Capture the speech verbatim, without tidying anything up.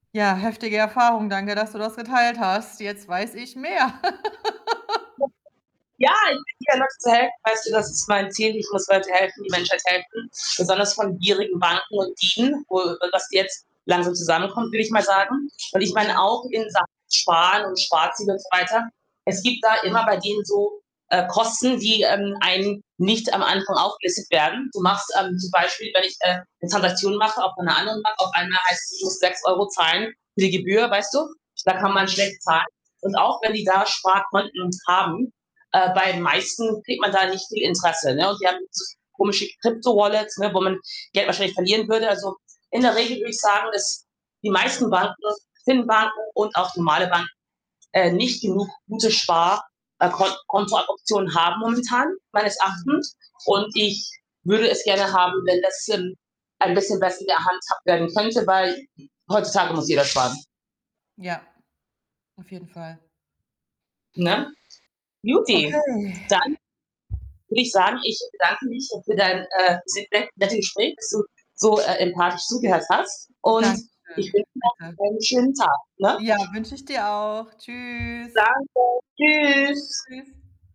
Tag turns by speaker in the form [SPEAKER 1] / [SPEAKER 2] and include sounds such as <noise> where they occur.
[SPEAKER 1] Ja, heftige Erfahrung. Danke, dass du das geteilt hast. Jetzt weiß ich mehr. <laughs>
[SPEAKER 2] <unintelligible> Ja, ich bin <unintelligible> zu helfen, weißt du, das ist mein Ziel. Ich muss Leuten helfen, die Menschheit helfen, besonders von gierigen Banken und Dieben, wo, äh dass die jetzt langsam zusammenkommen, will ich mal sagen und ich meine
[SPEAKER 1] Ja.
[SPEAKER 2] auch in Sachen Sparen und Sparziel und so weiter, es gibt da immer bei denen so, äh, Kosten, die, ähm, einem nicht am Anfang aufgelistet werden. Du machst ähm, zum Beispiel, wenn ich, äh, 'ne Transaktion mache, auch von 'ner anderen Bank, auf einmal heißt es, ich muss sechs Euro zahlen für die Gebühr, weißt du? Da kann man
[SPEAKER 1] Mhm.
[SPEAKER 2] schlecht zahlen und auch wenn die da Sparkonten haben, äh, bei den meisten kriegt man da nicht viel Interesse, ne? Und die haben so komische Krypto-Wallets, ne, wo man Geld wahrscheinlich verlieren würde. Also, in der Regel würde ich sagen, dass die meisten Banken, Fin-Banken und auch normale Banken, äh, nicht genug gute Spar äh, Kon Kontooptionen haben momentan meines
[SPEAKER 1] Mhm.
[SPEAKER 2] Erachtens und ich würde es gerne haben, wenn das, ähm, ein bisschen besser gehandhabt werden könnte, weil heutzutage muss jeder sparen.
[SPEAKER 1] Ja, auf jeden Fall.
[SPEAKER 2] Ne? guti,
[SPEAKER 1] Okay
[SPEAKER 2] dann würde ich sagen, ich bedanke mich für dein äh, sehr net nette Gespräch, dass du so, äh, empathisch zugehört hast und
[SPEAKER 1] Dankeschön,
[SPEAKER 2] ich wünsche noch
[SPEAKER 1] bitte.
[SPEAKER 2] einen schönen Tag, ne?
[SPEAKER 1] Ja, wünsche ich dir auch. Tschüss.
[SPEAKER 2] Danke. Tschüss.
[SPEAKER 1] Tschüss.